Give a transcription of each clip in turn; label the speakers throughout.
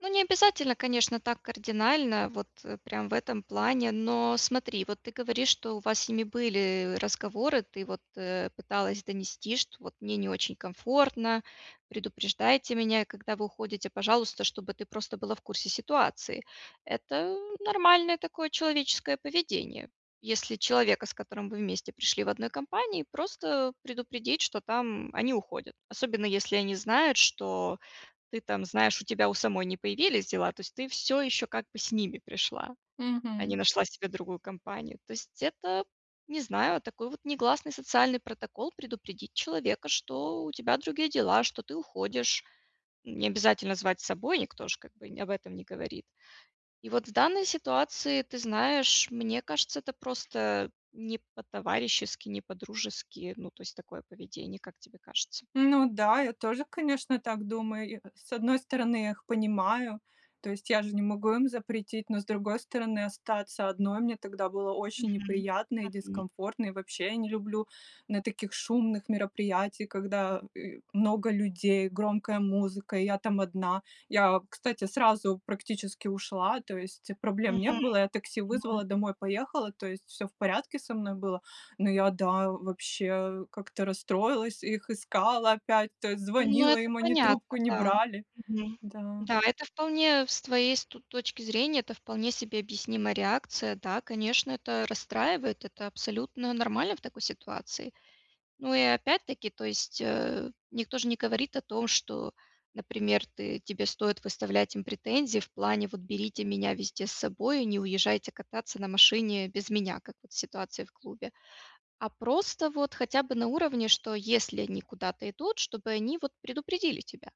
Speaker 1: Ну, не обязательно, конечно, так кардинально, вот, э, прям в этом плане, но смотри, вот ты говоришь, что у вас с ними были разговоры, ты вот, э, пыталась донести, что: "Вот мне не очень комфортно, предупреждайте меня, когда вы уходите, пожалуйста", чтобы ты просто была в курсе ситуации. Это нормальное такое человеческое поведение, если человека, с которым вы вместе пришли в одной компании, просто предупредить, что там они уходят, особенно, если они знают, что ты там, знаешь, у тебя у самой не появились дела, то есть ты всё еще как бы с ними пришла, а не
Speaker 2: Мгм.
Speaker 1: нашла себе другую компанию. То есть это, не знаю, такой вот негласный социальный протокол- предупредить человека, что у тебя другие дела, что ты уходишь. Не обязательно звать с собой, никто ж как бы об не этом не говорит. И вот в данной ситуации, ты знаешь, мне кажется, это просто не по-товарищески, не по-дружески, ну то есть такое поведение, как тебе кажется?
Speaker 2: Ну да, я тоже, конечно, так думаю. И, э, с одной стороны, я их понимаю, то есть я же не могу им запретить, но с другой стороны, остаться одной мне тогда было очень
Speaker 1: Мгм
Speaker 2: неприятно и
Speaker 1: мгм.
Speaker 2: дискомфортно, и вообще, я не люблю на таких шумных мероприятиях, когда, э, много людей, громкая музыка, и я там одна. Я, кстати, сразу практически ушла, то есть проблем не
Speaker 1: Мгм
Speaker 2: было, я такси
Speaker 1: мгм.
Speaker 2: вызвала, домой поехала, то есть всё в порядке со мной было. Но я, да, вообще как-то расстроилась, их искала опять, то есть
Speaker 1: Ну,
Speaker 2: звонила
Speaker 1: это
Speaker 2: им, они трубку
Speaker 1: понятно,
Speaker 2: не
Speaker 1: да.
Speaker 2: брали.
Speaker 1: Мгм.
Speaker 2: Да.
Speaker 1: Да, это вполне с твоей ст точки зрения, это вполне себе объяснимая реакция. Да, конечно, это расстраивает, это абсолютно нормально в такой ситуации. Ну и опять-таки, то есть, э, никто ж не говорит о том, что, например, ты тебе стоит выставлять им претензии в плане: "Вот берите меня везде с собой и не уезжайте кататься на машине без меня", как вот в ситуации в клубе, а просто вот хотя бы на уровне, что если они куда-то идут, чтобы они вот предупредили тебя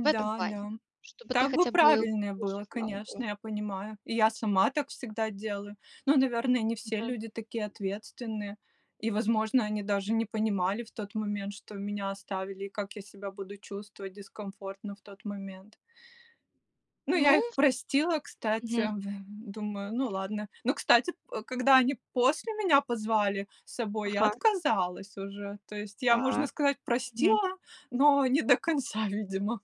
Speaker 1: в этом плане,
Speaker 2: да.
Speaker 1: чтобы ты
Speaker 2: Так бы
Speaker 1: хотя бы
Speaker 2: правильнее
Speaker 1: больше
Speaker 2: было,
Speaker 1: знал
Speaker 2: конечно,
Speaker 1: бы.
Speaker 2: я понимаю. И я сама так всегда делаю. Ну, наверное, не все
Speaker 1: Мгм.
Speaker 2: люди такие ответственные. И, возможно, они даже не понимали в тот момент, что меня оставили, и как я себя буду чувствовать дискомфортно в тот момент. Ну, я
Speaker 1: Ну.
Speaker 2: их простила, кстати,
Speaker 1: Мгм.
Speaker 2: в думаю, ну ладно. Но, кстати, п э, когда они после меня позвали с собой, я
Speaker 1: Ага.
Speaker 2: отказалась уже. То есть я, можно
Speaker 1: Так.
Speaker 2: сказать,
Speaker 1: Мгм.
Speaker 2: простила, но не до конца, видимо.